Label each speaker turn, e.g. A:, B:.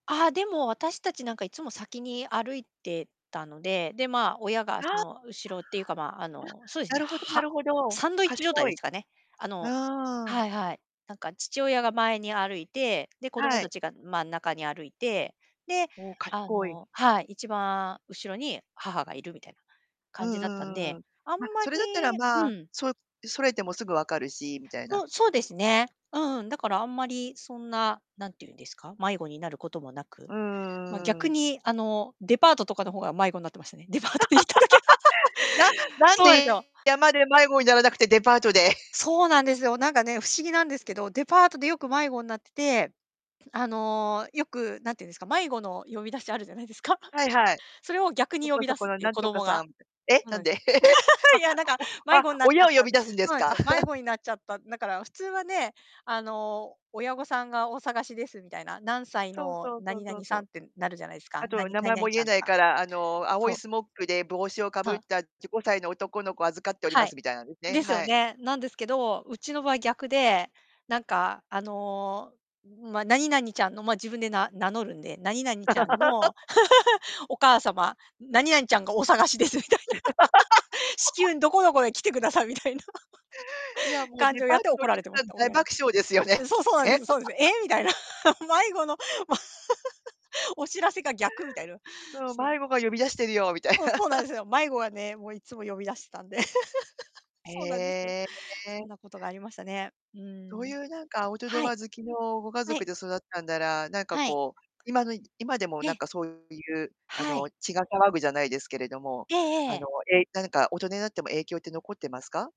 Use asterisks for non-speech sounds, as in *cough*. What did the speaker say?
A: ああ、でも私たちなんかいつも先に歩いてたので、で、まあ、親がそ
B: あ
A: の、後ろっていうかまあ、あ
B: あ、
A: の、そうです
B: な
A: ね、
B: るほどな
A: は
B: るほど。
A: サンドイッチ状態
B: 賢
A: で
B: い。
A: すかね。あ
B: う
A: の
B: ーん。
A: はいはい。なんか父親が前に歩いて、で、子供
B: は
A: た
B: い。
A: ちが真ん中に歩いて、で、
B: おお、
A: あ
B: 賢い。
A: のはい、一番後ろに母がいるみたいな
B: うん
A: 感じだったん
B: うんうんう
A: で。
B: ん。
A: あん
B: ま、
A: ま
B: そ
A: り
B: れだったらま
A: う
B: あ、
A: ん。
B: そそれてもすぐ分かるし、みたいな。
A: そうそうですね。うん、だからあんまりそんな、何て言うんですか、迷子になることもなく、
B: う
A: ま、
B: ー
A: 逆
B: ん。
A: に、あの、デパートとかの方が迷子んなってましたね。デパートに行っただけ
B: *laughs* な
A: *laughs*
B: なん
A: そうなんすよ。
B: で、山で迷子にならなくて、デパートで。
A: そうなんですよ、なんかね、不思議なんですけど、デパートでよく迷子んなってて、あの、よく、何て言うんですか、迷子の呼び出しあるじゃないですか。*chuckles*
B: はいはい。
A: それを逆に
B: そ
A: 呼
B: こ
A: び出
B: そ
A: す
B: こ
A: っ
B: の
A: ていう、
B: なん
A: 子
B: とか
A: 供
B: さ
A: が。
B: んえ、
A: そうな
B: なん
A: んす
B: で？
A: よ。
B: *laughs*
A: *laughs* いや、なんか、
B: あ、お
A: 迷
B: あ、
A: 子んなっちゃ
B: 親
A: っ
B: を呼
A: たの。
B: び出すんで
A: そう
B: す
A: なんす
B: か？
A: よ、
B: *laughs*
A: 迷子になっちゃった、なから普通はね、あの、親御さんがお探しですみたいな、何歳
B: そう
A: の
B: そうそう
A: 何
B: そ
A: 々
B: うそ
A: さん
B: う。
A: ってなるじゃないすか、
B: あ
A: な
B: と
A: に
B: 名
A: 何
B: 前も
A: 々ち
B: 言
A: ゃ
B: え
A: ん、
B: ない
A: あ
B: から、あの、青
A: そ
B: い
A: う。
B: スモッグで帽子をか
A: そ
B: ぶっ
A: う。
B: たじ5歳の男の子を預かっており
A: は
B: ま
A: い。
B: すみたいなですね、
A: ですよ
B: はい。
A: ね。なんですけど、うちの場合逆で、なんかあの、うま、何々ちゃんのま、自分でな名乗るんで、「何々ちゃんの、
B: *laughs*
A: *laughs* お母様、何々ちゃんがお探しです」みたいな。*laughs*「至
B: *laughs*
A: 急どこどこへ来てください」みたいな。
B: いや、
A: *laughs*
B: もう
A: 感
B: デ
A: じを
B: パ
A: や
B: ー
A: って
B: トの
A: 怒
B: お
A: ら
B: 客
A: れてま
B: さ
A: し
B: ん
A: た、
B: 大
A: 親に。
B: 爆笑ですよね。
A: え、そうそうなんで
B: え。
A: すよ、そうですよ。え
B: *laughs*
A: え、みたいな。*laughs* 迷子の、ま *laughs* お知らせが逆みたいの。
B: そう、
A: そう。
B: 迷子が呼び出してるよ、みたい
A: そうそうな
B: な。
A: んで
B: *laughs*
A: すよ。迷子がね、もういつも呼び出してたんで。*laughs* そうなんですよ。
B: へ
A: そん
B: え。
A: なことがありましたね。う
B: そう
A: ん。
B: いうなんかアウト
A: は
B: ド
A: い。
B: ア好きのご家
A: は
B: 族
A: い。
B: で育ったんなら、なんか
A: はい。
B: こう、今のいじ今でも
A: え
B: なん
A: え。
B: かそういう、あ
A: は
B: の、
A: い。
B: 血が騒ぐじゃないですけれども、
A: ええ
B: あの、
A: ええ。
B: え、なんか大人になっても影響って残ってますか？